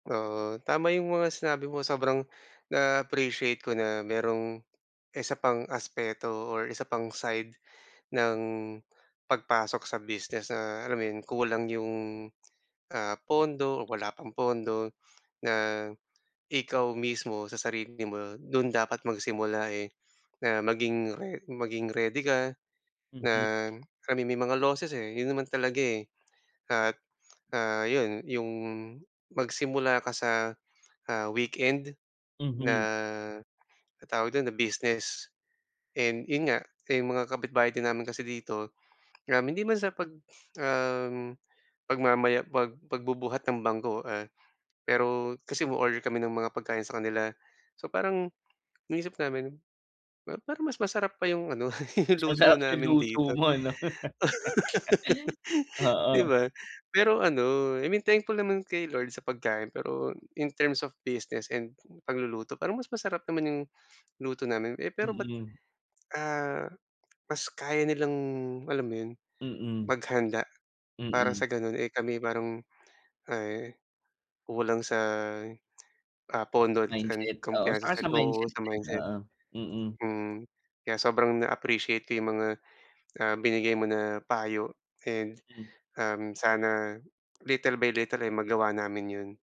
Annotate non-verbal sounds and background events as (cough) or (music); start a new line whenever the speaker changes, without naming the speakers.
Oo, tama yung mga sinabi mo sobrang (gasps) na-appreciate ko na merong isa pang aspeto or isa pang side (gasps) ng (gasps) pagpasok sa business na, alam mo yun? Kulang yung ah, pondo o wala pang pondo, (gasps) na, ikaw mismo sa sarili mo dun dapat magsimula eh. (gasps) Na maging re maging ready ka na
Mhm.
I mean may mga losses eh, yun naman talaga eh. (gasps) At (gasps) ah, 'yon, yung magsimula ka sa (gasps) ah, weekend na
Mhm.
'no tawag dun? Na business. And yun nga 'yong mga kapitbahay din namin kasi dito, (gasps) um, hindi man sa pag (gasps) um, (gasps) pagmamaya pag pagbubuhat ng bangko ah, (gasps) pero kasi umo-order kami ng mga pagkain sa kanila. (gasps) So parang iniisip namin par parang mas masarap pa 'yong ano (laughs)
Mas
luto
masarap yung
namin
luto
dito.
mo ano. (laughs)
(gasps) (laughs) Di
Oo.
ba? (gasps) Pero ano I mean thankful naman kay Lord sa pagkain, pero in terms of business and pagluluto parang mas masarap naman yung (gasps) luto namin eh, pero ba't
Mm.
(gasps) ah, mas kaya nilang alam mo yun? (gasps)
Mm.
Maghanda, para
Mm.
sa ganon eh, kami parang (gasps) ay, kulang sa (gasps) ah, pondo and
Mindset, oo,
kumpiyansa
tsaka
sa
sa
sari oo
mindset
sa
din,
mindset.
oo, mm.
Mm. Kaya sobrang na-appreciate ko 'yong mga (gasps) ah, binigay mo na payo, and
Mm.
(gasps) um, sana little by little eh, magawa namin 'yon.